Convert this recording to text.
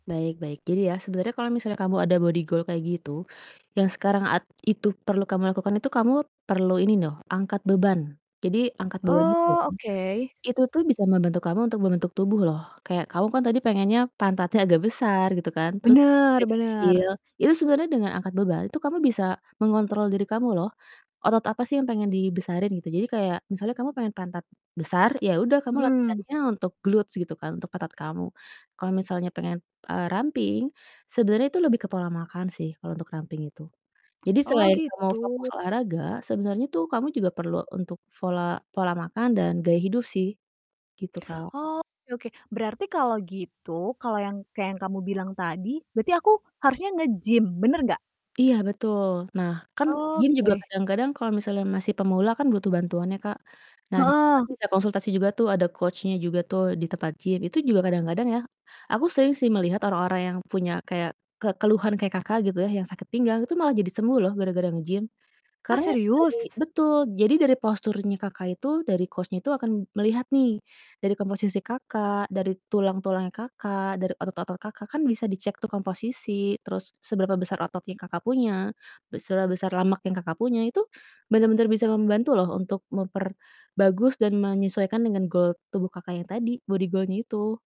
Baik baik jadi ya sebenernya kalo misalnya kamu ada body goal kayak gitu, yang sekarang at itu perlu kamu lakukan itu kamu, perlu ini noh, angkat beban jadi angkat beban itu ya, Oh oke. itu tuh bisa membantu kamu untuk membentuk tubuh loh kayak kamu kan tadi pengennya pantatnya agak besar gitu kan, terus Bener dada kecil bener. itu sebenernya dengan angkat beban itu kamu bisa, mengontrol diri kamu loh, otot apa sih yang pengen dibesarin gitu jadi kayak misalnya kamu pengen pantat besar ya udah kamu Mhm. latihannya untuk glutes gitu kan untuk pantat kamu, kalo misalnya pengen, eee, ramping sebenernya itu lebih ke pola makan sih kalo untuk ramping itu, jadi Oh selain kamu gitu. fokus olahraga sebenernya tuh kamu juga perlu untuk fola pola makan dan gaya hidup sih, gitu, Kak. Oke oke berarti kalau gitu kalau yang kayak yang kamu bilang tadi berarti aku harusnya nge-gym bener nggak? Iya, betul nah kan gym juga Oke. kadang-kadang kalo misalnya masih pemula kan butuh bantuan ya Kak. Nah di situ kan Heeh. bisa konsultasi juga tuh ada coach-nya juga tuh di tempat gym, itu juga kadang-kadang ya, aku sering sih melihat orang-orang yang punya kayak ke keluhan kayak Kakak gitu ya, yang sakit pinggang itu malah jadi sembuh loh gara-gara nge-gym, Ah, karena dari serius? betul jadi dari posturnya Kakak itu dari coach-nya itu akan melihat nih, dari komposisi Kakak dari tulang-tulangnya Kakak dari otot-otot Kakak kan bisa dicek tuh komposisi terus seberapa besar otot yang Kakak punya, be seberapa besar lemak yang Kakak punya itu, bener-bener bisa membantu loh untuk memperbagus dan menyesuaikan dengan goal tubuh Kakak yang tadi, body goal-nya itu.